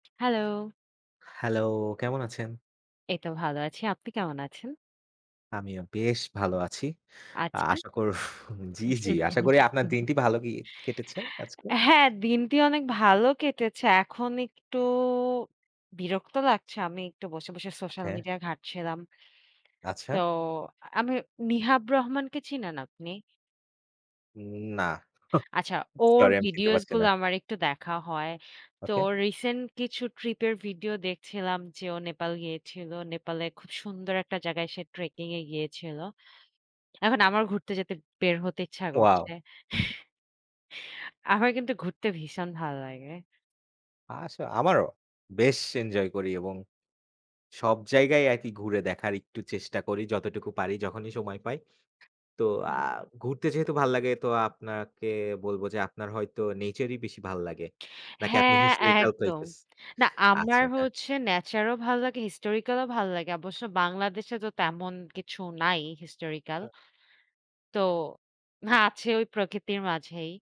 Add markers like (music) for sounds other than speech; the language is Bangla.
হ্যালো! হ্যালো, কেমন আছেন? এই তো ভালো আছি। আপনি কেমন আছেন? আমিও বেশ ভালো আছি আচ্ছা। আশা কর জি, জি, আশা করি আপনার (chuckles) দিনটি ভাল গি কেটেছে আজকে। (chuckles) হ্যাঁ, দিনটি অনেক ভালো কেটেছে, এখন একটু বিরক্ত লাগছে আমি একটু বসে, বসে সোশ্যাল হ্যাঁ। মিডিয়া ঘাটছিলাম তো আচ্ছা। আমি নিহাব রহমানকে চিনেন আপনি? হুম, না, আচ্ছা (scoffs) ওর সরি আমি চিনতে ভিডিওস পারছি না। গুলা আমার একটু দেখা হয়, তো ওকে। রিসেন্ট কিছু ট্রিপ এর ভিডিও দেখছিলাম যে, ও নেপাল গিয়েছিল। নেপালের খুব সুন্দর একটা জায়গায় সে ট্রেকিং এ গিয়েছিল। এখন আমার ঘুরতে যেতে বের হতে ইচ্ছা করছে, ওয়াও! (chuckles) আমার কিন্তু ঘুরতে ভীষণ ভাল লাগে। আসো আমারও বেশ এনজয় করি এবং সব জায়গায় আরকি ঘুরে দেখার একটু চেষ্টা করি যতটুকু পারি যখনই সময় পাই। তো আ হুম। ঘুরতে যেহেতু ভাল লাগে, তো আপনাকে বলব যে আপনার হয়তো নেচারই বেশি ভাল লাগে, নাকি আপনি হ্যাঁ, হিস্টোরিকাল একদম প্লেস না আচ্ছা, আমার আচ্ছা। হচ্ছে ন্যাচার ও ভালো লাগে হিস্টোরিক্যাল ও ভালো লাগে অবশ্য বাংলাদেশে তো তেমন কিছু নাই হিস্টোরিক্যাল হু। তো হ্যাঁ, আছে ওই প্রকৃতির মাঝেই।